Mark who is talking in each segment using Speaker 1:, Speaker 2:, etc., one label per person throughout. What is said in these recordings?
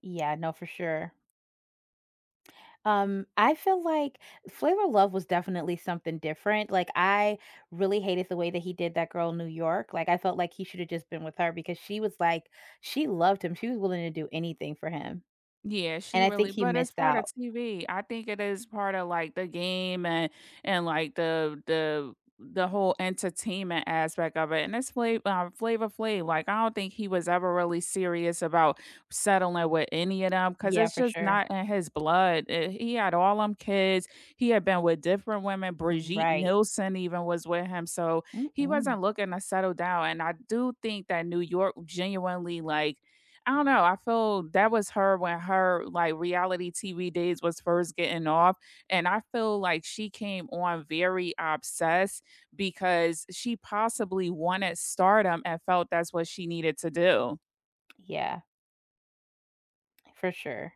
Speaker 1: Yeah, no, for sure. Um, I feel like Flavor of Love was definitely something different, like, I really hated the way that he did that girl New York, like, I felt like he should have just been with her because she was, like she loved him, she was willing to do anything for him.
Speaker 2: Yeah,
Speaker 1: And
Speaker 2: she
Speaker 1: I think
Speaker 2: really
Speaker 1: he
Speaker 2: but it's
Speaker 1: missed
Speaker 2: part of
Speaker 1: out.
Speaker 2: TV. I think it is part of, like, the game and and like the the the whole entertainment aspect of it, and it's Fla uh, Flavor Flav, like, I don't think he was ever really serious about settling with any of them 'cause
Speaker 1: Yeah,
Speaker 2: it's
Speaker 1: for
Speaker 2: just
Speaker 1: sure.
Speaker 2: not in his blood. Uh, he had all 'em kids, he had been with different women; Brigitte
Speaker 1: Right.
Speaker 2: Nielsen even was with him, so he
Speaker 1: Mm-mm.
Speaker 2: wasn't looking to settle down and I do think that New York genuinely, like, I don't know, I feel that was her when her like reality TV days was first getting off, and I feel like she came on very obsessed because she possibly wanted stardom and felt that's what she needed to do.
Speaker 1: Yeah. For sure.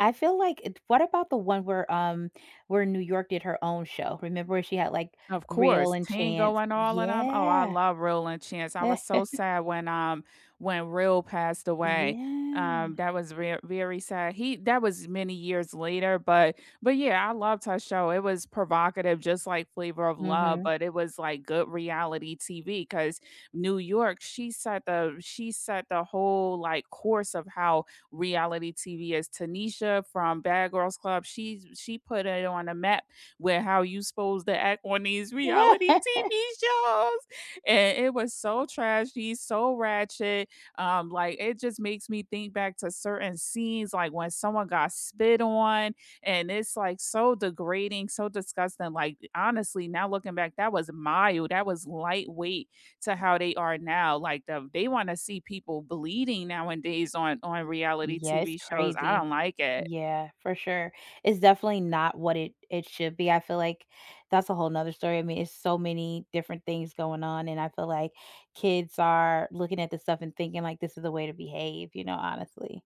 Speaker 1: I feel like it what about the one where, um, where in New York did her own show, remember she had, like,
Speaker 2: Of
Speaker 1: Real
Speaker 2: course,
Speaker 1: and
Speaker 2: Tango
Speaker 1: Chance
Speaker 2: and all of them. Oh, I
Speaker 1: yeah.
Speaker 2: love Real and Chance, I was so sad when, um, when Real passed away,
Speaker 1: Yeah.
Speaker 2: um, that was ver very sad. He that was many years later, but but yeah, I loved her show. It was provocative, just like Flavor of Love,
Speaker 1: Mhm.
Speaker 2: but it was, like, good reality TV 'cause New York, she set the she set the whole, like, course of how reality TV is. Tanisha from Bad Girls Club, she's she put it on the map with how you's supposed to act on these reality TV shows, and it was so trashy, so ratchet, um, like, it just makes me think back to certain scenes, like, when someone got spit on, and it's, like, so degrading, so disgusting, like, honestly, now looking back, that was mild, that was lightweight to how they are now. Like, the they wanna see people bleeding nowadays on on reality
Speaker 1: Yeah, it's
Speaker 2: TV shows. I don't
Speaker 1: crazy.
Speaker 2: like it.
Speaker 1: Yeah, for sure. It's definitely not what it it should be, I feel like that's a whole 'nother story, I mean, it's so many different things going on, and I feel like kids are looking at this stuff and thinking, like, this is the way to behave, you know, honestly.